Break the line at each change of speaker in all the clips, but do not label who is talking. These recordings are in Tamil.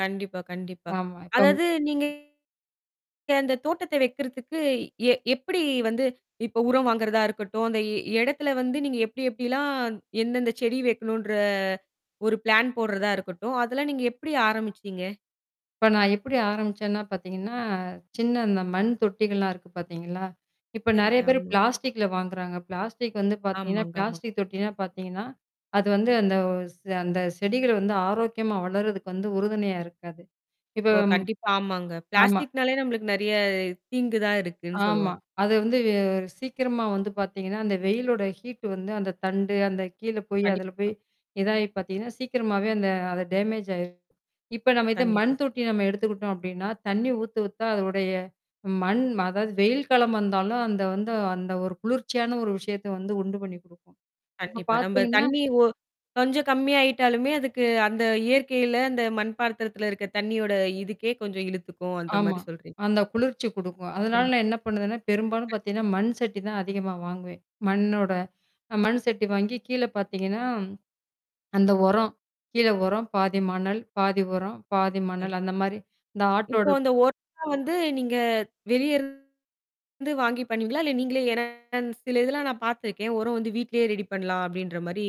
கண்டிப்பா, கண்டிப்பா.
ஆமா, இப்பம்
அதாவது நீங்க அந்தத் தோட்டத்தை வைக்கறத்துக்கு எ எப்படி வந்து, இப்ப உரம் வாங்குறதா இருக்கட்டும், அந்த இ இடத்துல வந்து நீங்க எப்படி எப்படில்லாம் எந்தெந்த செடி வைக்கணும்ன்ற ஒரு பிளான் போடறதா இருக்கட்டும், அதெல்லாம் நீங்க எப்படி ஆரம்பிச்சீங்க?
இப்ப நா எப்படி ஆரம்பிச்சேன்னா பாத்தீங்கன்னா, சின்ன அந்த மண் தொட்டிகள்லாம் இருக்கு பாத்தீங்களா? இப்ப
சரி
நெறைய பேர்
தாம்.
பிளாஸ்டிக்ல வாங்குறாங்க. பிளாஸ்டிக்கு வந்து பாத்தீங்கன்னா,
ஆமாங்க. ஆமாங்
பிளாஸ்டிக் தொட்டின்னா பாத்தீங்கன்னா, அது வந்து அந்த ஒ ஸ் அந்தச் செடிகள் வந்து ஆரோக்கியமா வளர்றதுக்கு வந்து உறுதுணையா இருக்காது. இப்ப
ஓ! கண்டிப்பா, ஆமாங்க.
ஆமா.
பிளாஸ்டிக்னாலே நம்பளுக்கு நெறைய தீங்கு தான் இருக்குன்னு
ஆமா,
சொல்லுவாங்க.
அது வந்து வெ சீக்கிரமா வந்து பாத்தீங்கன்னா, அந்த வெயிலோட ஹீட்டு வந்து அந்தத் தண்டு, அந்த கீழ போய், அதுல
கண்டிப்பா.
போய் இதாயி பாத்தீங்கன்னா, சீக்கிரமாவே அந்த அது டேமேஜ் ஆயிரும். இப்ப நாம இத மண்
கண்டிப்பாங்க.
தொட்டி நாம எடுத்துக்கிட்டோம் அப்படீன்னா, தண்ணி ஊத்த, ஊத்த அதனுடைய மண் அதாவது, வெயில் காலம் வந்தாலும் அந்த வந்து அந்த ஒரு குளிர்ச்சியான ஒரு விஷயத்தை வந்து உண்டு பண்ணி குடுக்கும். அப்பப்
கண்டிப்பா. நம்ப
பாத்தீங்கன்னா
தண்ணி ஒ கொஞ்சம் கம்மியா ஆயிட்டாலுமே, அதுக்கு அந்த இயற்கையில அந்த மண் பாத்திரத்துல இருக்க தண்ணியோட இதுக்கே கொஞ்சம் இழுத்துக்கும். அந்த
ஆமா,
மாரி சொல்றீங்க.
அந்த குளிர்ச்சிய குடுக்கும். அதனால
கண்டிப்
நா என்ன பண்ணுவேன்னா, பெரும்பாலும்
கண்டிப்பா.
பாத்தீங்கன்னா மண் சட்டி தான் அதிகமா வாங்குவேன், மண்ணோட. மண் சட்டி வாங்கி கீழ பாத்தீங்கன்னா, அந்த உரம் கீழ உரம், பாதி மணல், பாதி உரம், பாதி
கண்
மணல் அந்த மாரி இந்த
இப்போ
ஆட்டோடப்
அந்த ஒரம் வந்து நீங்க வெளியருந்து வாங்கி பண்ணுவீங்களா? இல்ல நீங்களே ஏன்னா சில இதெல்லாம் நா பாத்துருக்கேன். "உரம் வந்து வீட்லயே ரெடி பண்ணலாம்." அப்படீன்ற மாரி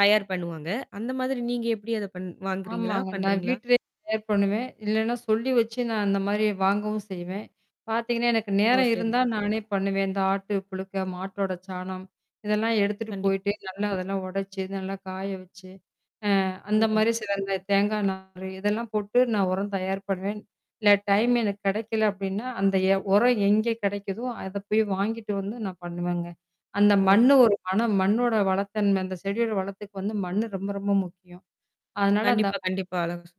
தயார் பண்ணுவாங்க. அந்த மாதிரி நீங்க எப்படி அத பண் வாங்குறீங்களா?
ஆமாங்க, நா
பண்றீங்களா?
வீட்டிலயே தயார் பண்ணுவேன். இல்லைன்னா சொல்லி வச்சு நா அந்த மாரி வாங்கவும் செய்வேன். பாத்தீங்கன்னா, எனக்கு
ஓ!
நேரம்
சரி.
இருந்தா நானே பண்ணுவேன். இந்த ஆட்டுப் புழுக்க, மாட்டோடச் சாணம் இதெல்லாம் எடுத்துட்டு
கண்டிப்
போயிட்டு, நல்லா அதெல்லாம் ஒடைச்சு, நல்லா காய வச்சு, அ அந்த
சரிங்க.
மாரி சில இதுல தேங்கா நாரு இதெல்லாம் போட்டு நா உரம் தயார் பண்ணுவேன். இல்ல டைம் எனக்குக் கெடைக்கல அப்படீன்னா, அந்த எ ஒரம் எங்கே கெடைக்குதோ, அதைப் போய் வாங்கிட்டு வந்து நா பண்ணுவேங்க. அந்த
ஓ!
மண்ணு ஒரு மணம், மண்ணோட வளத்தன்மை அந்தச் செடியோட வளத்துக்கு வந்து மண்ணு ரொம்ப, ரொம்ப முக்கியம். அதனால அந்த
கண்டிப்பா. கண்டிப்பா அழகா ஸ்